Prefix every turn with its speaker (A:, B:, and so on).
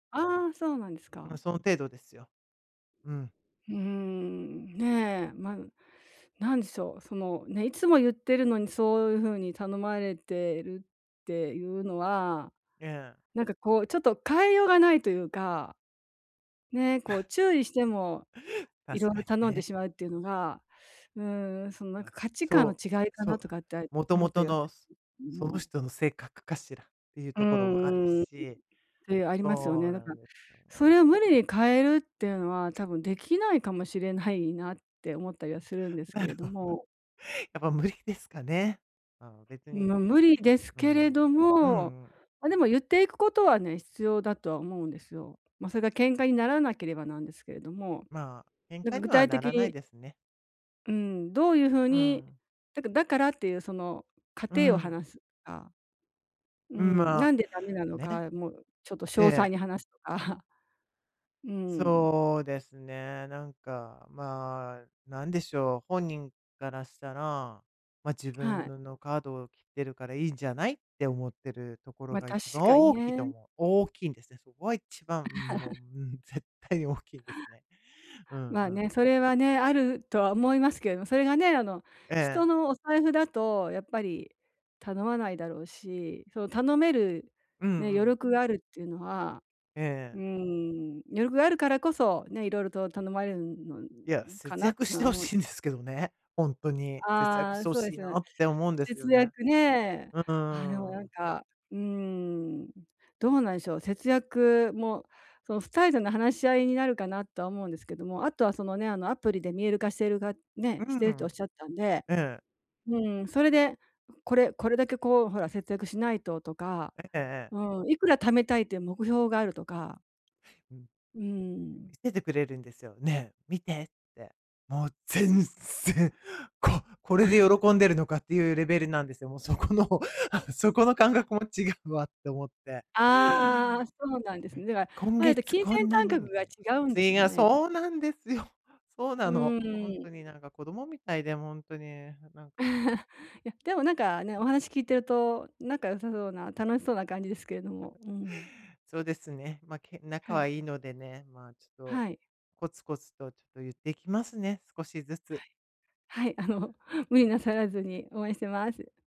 A: ああ、そうなんです
B: まあ、
A: か？
B: その程度ですよ。うん。
A: うん。ね。まあ、なんでしょう。その、ね、いつも言ってるのに、そういうふうに頼まれてるっていうのは、
B: ええ。
A: なんか、こう、ちょっと変えようがないというか。ね。こう、注意しても、色
B: 確か
A: 々
B: に
A: 頼んで
B: ね。
A: しまうっていうのが、うん、その、なんか、
B: ま、
A: 価値観の
B: そう。
A: 違いか
B: そ
A: な
B: う。
A: とかって、
B: もと
A: 思
B: も
A: った
B: と
A: り
B: の
A: [unintelligible] けど
B: その
A: も。
B: 人の性格かしらっていう
A: うん
B: ところもある
A: うんうん。
B: し。
A: てありますよ
B: そ
A: ね。
B: う
A: だ
B: な
A: から、
B: んですよ
A: そ
B: ね。
A: れを無理に変えるっていうのは、多分できないかもしれないなって思ったりはするんです
B: な
A: け
B: る
A: れど
B: ほど、
A: も。
B: やっぱ無理ですかね。うん、別
A: ん、
B: に。
A: ま、無理です
B: う
A: けれ
B: ん。うん
A: ど
B: う
A: も、
B: ん。
A: ま、でも、言っていくことはね、必要だとは思うんですよ。ま、それが喧嘩にならなければなんですけれども。
B: まあ、喧
A: なん
B: 嘩
A: か
B: に
A: 具
B: は
A: 体
B: な
A: 的
B: らない
A: に
B: ですね。
A: うん。どういうふう
B: う
A: に
B: ん。
A: だかだからっていう、その過
B: う
A: 程を
B: ん。
A: 話すとか。う
B: うん、
A: ん、
B: ま
A: な
B: あ、
A: んでダメなの
B: ね。
A: か、もう、ちょっと詳
B: え
A: 細
B: え。
A: に話すとか。うーん。
B: そうですね。なんか、まあ、なんでしょう。本人からしたら、ま、自
A: は
B: 分
A: い。
B: ののカードを切ってるからいいんじゃない、って思ってるところ
A: ま、
B: が
A: 確
B: 一番
A: かに
B: 大きいと
A: ね。
B: 思う。大きいんですね。そこが一番もも う、絶対に大きいんですね。うん
A: まあ
B: う
A: ね。
B: ん。
A: それはね、あるとは思いますけども。それがね、あの、
B: ええ
A: 人
B: ええ。
A: のお財布だと、やっぱり頼まないだろうし。その、頼める
B: うんう
A: ね、余
B: ん。
A: 力があるっていうのは
B: ええ
A: う
B: ええ。
A: ん、余力があるからこそね、色々と頼まれるんのの
B: いや、
A: か
B: 節
A: なっ
B: 約
A: て
B: し
A: の
B: て
A: は
B: ほ
A: 思う。
B: しいんですけどね。ほんとに。節約
A: あ
B: し
A: あ、
B: てほ
A: そうで
B: しい
A: す
B: な
A: ね。
B: って思うんですよ
A: 節
B: ね。
A: 約ね。
B: う
A: ああ、でも、
B: ん、う
A: な
B: ー
A: ん
B: ん。
A: か、うーん、どうなんでしょう。節約もその、2人での話し合いになるかな、とは思うんですけども。あとは、そのね、あの、アプリで見える化しているか
B: う
A: ね、し
B: ん
A: て
B: う
A: ると
B: ん。
A: 仰ったんで。
B: ええ。
A: うん、それで、これこれだけ、こう、ほら、節約しないととか。
B: ええええええ。
A: うん、いくら貯めたいっていう目標があるとか。
B: うん。うん、
A: うー
B: 見
A: ん。
B: せてくれるんですよ。「ねえ、見て」って。もう全然、ここれで
A: あ。
B: 喜んでるのかっていうレベルなんですよ。もう、そこの「あ、そこの感
A: あ。
B: 覚も違うわ」って思って。
A: ああ、そうなんで
B: は
A: すね。
B: い。
A: では、
B: 「今
A: まあ、言って
B: 月
A: 金
B: こ
A: 銭
B: んな
A: 感
B: に」
A: 覚
B: み
A: が
B: たいな。
A: 違うんでし
B: ち
A: ょう
B: が
A: ね。きっと。
B: そうなんですよ。そう
A: う
B: なの。ほん
A: ーん。
B: とに、なんか、子供みたいで。も、ほんとに。なんか
A: いや、でも、なんかね、お話聞いてると、仲良さそうな楽しそうな感じですけれども。うん。
B: そうですね。まあ、け仲
A: は
B: は
A: い。
B: いいのでね。まあ、ちょっと、
A: はい。
B: コツコツとちょっと言ってきますね。少しずつ。
A: はい。はい。あの、無理なさらずに。応援してます。